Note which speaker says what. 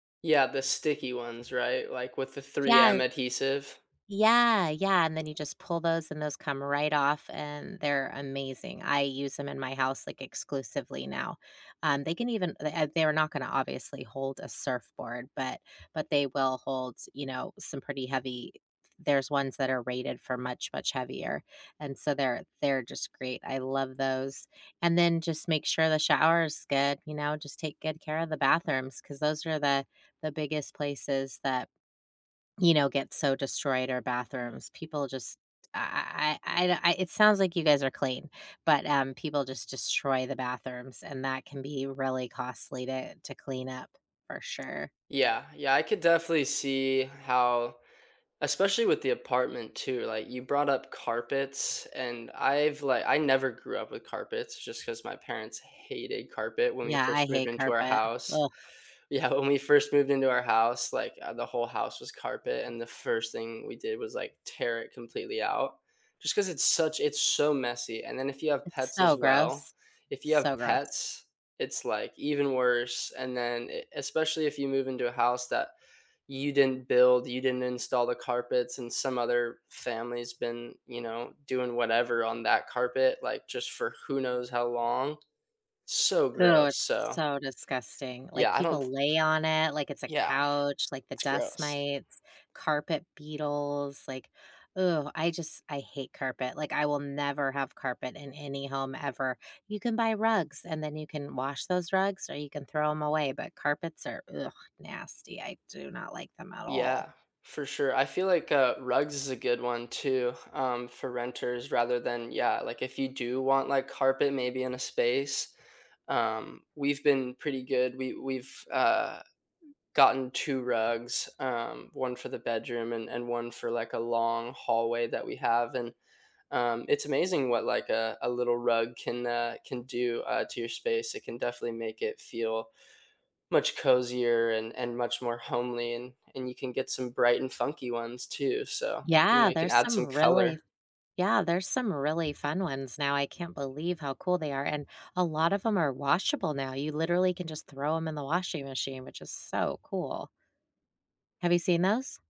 Speaker 1: Yeah, the sticky ones, right, like with the
Speaker 2: Yeah, h
Speaker 1: 3M adhesive?
Speaker 2: Yeah, yeah, and then you just pull those and those come right off, and they're amazing; I use 'em in my house, like, exclusively now. Um, they can even le eh, they're not gonna obviously hold a surfboard, but but they will hold s you know, some pretty heavy eh, there's ones that are rated for much, much heavier, and so they're they're just great; I love those, and then just make sure the shower is good, you know? Just take good care of the bathrooms 'cause those are the the biggest places that, you know, get so destroyed, are bathrooms; people just I I I I the I it sounds like you guys are clean, but, um, people just destroy the bathrooms and that can be really costly to to clean up, for sure.
Speaker 1: Yeah, yeah, I could definitely see how especially with the apartment too, like, you brought up carpets and I've, like, I never grew up with carpets just 'cause my parents hated carpet when we
Speaker 2: Yeah, I
Speaker 1: first moved
Speaker 2: hate
Speaker 1: into our
Speaker 2: carpet,
Speaker 1: house.
Speaker 2: ugh.
Speaker 1: Yeah, when we first moved into our house, like, uh, the whole house was carpet, and the first thing we did was like tear it completely out, just 'cause it's such it's so messy, and then if you have
Speaker 2: It's
Speaker 1: pets as
Speaker 2: so
Speaker 1: well,
Speaker 2: gross,
Speaker 1: if you
Speaker 2: so
Speaker 1: have
Speaker 2: gross.
Speaker 1: pets, it's like even worse, and then e especially if you move into a house that you didn't build, you didn't install the carpets and some other family's been, you know, doing whatever on that carpet, like, just for who knows how long? So
Speaker 2: Ew,
Speaker 1: gross,
Speaker 2: it's
Speaker 1: so
Speaker 2: so disgusting, like,
Speaker 1: Yeah, I don't
Speaker 2: people
Speaker 1: th
Speaker 2: lay on it like it's a
Speaker 1: Yeah,
Speaker 2: couch, like, the
Speaker 1: it's
Speaker 2: dust
Speaker 1: gross.
Speaker 2: mites, carpet beetles, like ugh, I just I hate carpet, like, I will never have carpet in any home ever; you can buy rugs, and then you can wash those rugs, or you can throw 'em away, but carpets are, ugh, nasty, I do not like them at all.
Speaker 1: Yeah, for sure, I feel, like, uh, rugs is a good one too, um, for renters rather than, yeah, like, if you do want, like, carpet maybe in a space? Um, we've been pretty good, we we've, uh, gotten 2 rugs, um, 1 for the bedroom and and 1 for, like, a long hallway that we have, and, um, it's amazing what, like, a a little rug can, uh, can do, uh, to your space; it can definitely make it feel much cozier and and much more homely, and and you can get some bright and funky ones too, so, you know,
Speaker 2: Yeah,
Speaker 1: you can
Speaker 2: there's
Speaker 1: add
Speaker 2: some
Speaker 1: some
Speaker 2: really
Speaker 1: color.
Speaker 2: Yeah, there's some really fun ones now, I can't believe how cool they are, and a lot of 'em are washable now; you literally can just throw 'em in the washing machine, which is so cool. Have you seen those?